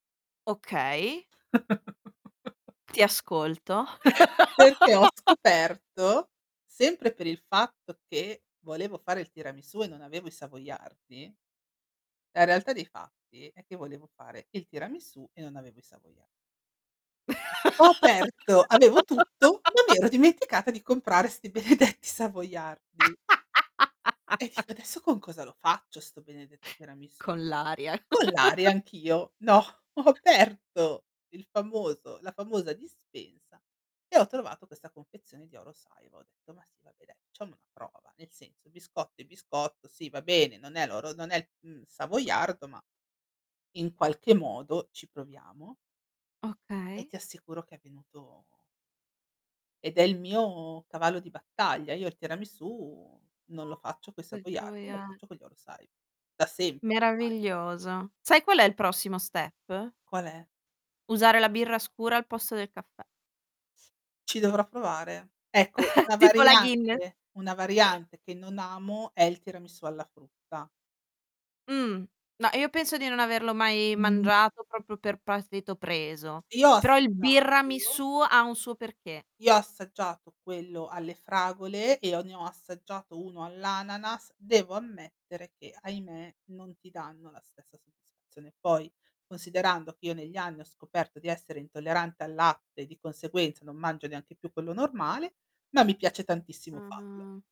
Okay. Ti ascolto. Perché ho scoperto, sempre per il fatto che volevo fare il tiramisù e non avevo i savoiardi, la realtà dei fatti è che volevo fare il tiramisù e non avevo i savoia Ho aperto avevo tutto, ma mi ero dimenticata di comprare sti benedetti savoiardi. E dico: "Adesso con cosa lo faccio sto benedetto tiramisù?" Con l'aria. Con l'aria, anch'io. No, ho aperto il famoso la famosa dispensa e ho trovato questa confezione di Oro Saiwa, ho detto: "Ma sì va beh dai, facciamo una prova, nel senso il biscotto è biscotto, sì va bene, non è l'oro non è, mhmm, savoiardo, ma in qualche modo ci proviamo". E Okay. ti assicuro che è venuto ed è il mio cavallo di battaglia. Io il tiramisù non lo faccio coi Coi savoiardi, lo savoiar faccio con gli Oro Saiwa, da sempre ormai. Meraviglioso. Sai qual è il prossimo step? Qual è? Usare la birra scura al posto del caffè. Ci dovrò provare. Ecco, una Tipo la variante guinness. una variante che non amo è il tiramisù alla frutta. Mh, ma io penso di non averlo mai Mh, no. mangiato proprio per partito preso, Io ho però il assaggiato birramisù ha un suo perché. Io ho assaggiato quello alle fragole e ho ne ho assaggiato uno all'ananas, devo ammettere che, ahimè, non ti danno la stessa soddisfazione. Poi considerando che io negli anni ho scoperto di essere intollerante al latte e di conseguenza non mangio neanche più quello normale, ma mi piace tantissimo farlo. Ah.